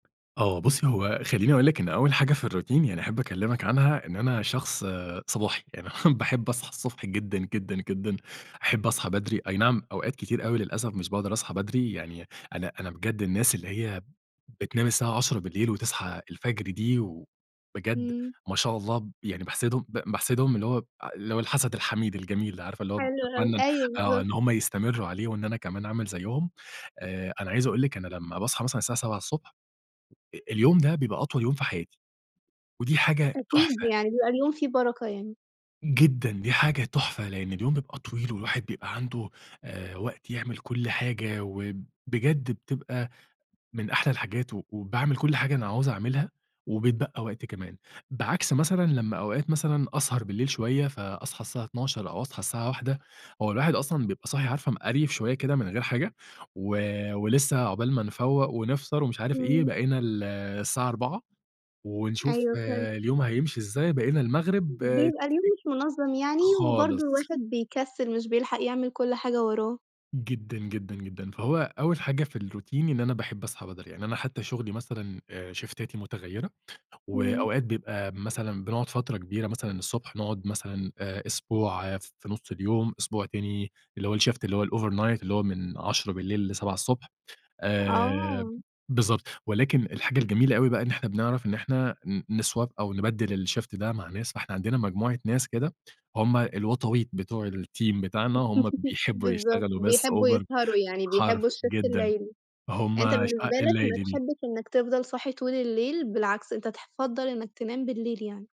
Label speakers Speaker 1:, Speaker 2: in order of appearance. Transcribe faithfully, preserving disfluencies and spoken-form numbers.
Speaker 1: آه بُصي هو خليني أقول لِك إن أول حاجة في الRoutine يعني أحب أكلمِك عنها، إن أنا شخص صباحي، يعني باحب أصحى الصبح جدًا، جدًا، جدًا، أحب أصحى بدري، أي نعم أوقات كتير أوي للأسف مش باقدر أصحى بدري، يعني أنا أنا بجد الناس اللي هي بتنام الساعة عشرة بالليل وتصحى الفجر دي و بجد
Speaker 2: إمم.
Speaker 1: ما شاء الله يعني باحسدهم، باحسدهم اللي هو اللي هو الحسد الحميد الجميل، اللي عارفة اللي هو
Speaker 2: حلو أوي،
Speaker 1: باتمنى
Speaker 2: أيوه
Speaker 1: آه،
Speaker 2: بالضبط.
Speaker 1: إن هُم يستمروا عليه وإن أنا كمان أعمل زيهم، آآ، أنا عايز أقول لِك أنا لمّا باصحى مثلًا الساعة سبعة الصبح اليوم ده بيبقى أطول يوم في حياتي، ودي حاجة
Speaker 2: أكيد
Speaker 1: تحفة.
Speaker 2: يعني، بيبقى اليوم فيه بركة يعني.
Speaker 1: جدًا دي حاجة تحفة؛ لأن اليوم بيبقى طويل، والواحد بيبقى عنده، آآ، وقت يعمل كل حاجة، وبجد بتبقى من أحلى الحاجات وباعمل كل حاجة أنا هاعوز أعملها، وبيتبقى وقت كمان. بعكس مثلًا لمّا أوقات مثلًا أسهر بالليل شوية، فأصحى الساعة اتناشر أو أصحى الساعة واحدة هو الواحد أصلًا بيبقى صاحي عارفة مقريف شوية كده من غير حاجة، و ولسه عقبال ما نفوّق ونفطر ومش عارف إيه،
Speaker 2: إمم.
Speaker 1: بقينا ال الساعة أربعة ونشوف
Speaker 2: أيوه فِهمت.
Speaker 1: اليوم هيمشي إزاي، بقينا المغرب، آآ،
Speaker 2: بيبقى اليوم مش منظم
Speaker 1: [unintelligible]
Speaker 2: يعني، وبرضه
Speaker 1: خالص.
Speaker 2: الواحد بيكسل، مش بيلحق يعمل كل حاجة وراه.
Speaker 1: جدًا، جدًا، جدًا، فهو أول حاجة في الRoutine إن أنا باحب أصحى بدري يعني، أنا حتى شغلي مثلًا شيفتاتي متغيِّرة
Speaker 2: إمم.
Speaker 1: وأوقات بيبقى مثلًا بنقعد فترة كبيرة مثلًا الصبح نقعد مثلًا أسبوع في نُص اليوم، أسبوع تاني اللي هو الShift اللي هو الOvernight اللي هو من عشرة بالليل لسبعة ألصبح الصبح، آآ،
Speaker 2: آه.
Speaker 1: بالضبط ولكن الحاجة الجميلة أوي بقى إن إحنا بنعرف إن إحنا نSwap أو نبدل الShift ده مع ناس فإحنا عندنا مجموعة ناس كده هُم الوطاويط بتوع الTeam بتاعنا هم بيحبوا
Speaker 2: بالضبط
Speaker 1: يشتغلوا بس
Speaker 2: بيحبوا
Speaker 1: Over
Speaker 2: يسهروا يعني،
Speaker 1: حرف
Speaker 2: بيحبوا الShift
Speaker 1: جدًا
Speaker 2: الليلي، أنت
Speaker 1: هُم شقاق
Speaker 2: بالنسبة لك ما
Speaker 1: الليل دي.
Speaker 2: بتحبش إنك تِفْضَل صاحي طول الليل، بالعكس أنت تِفَضَّل إنك تنام بالليل يعني.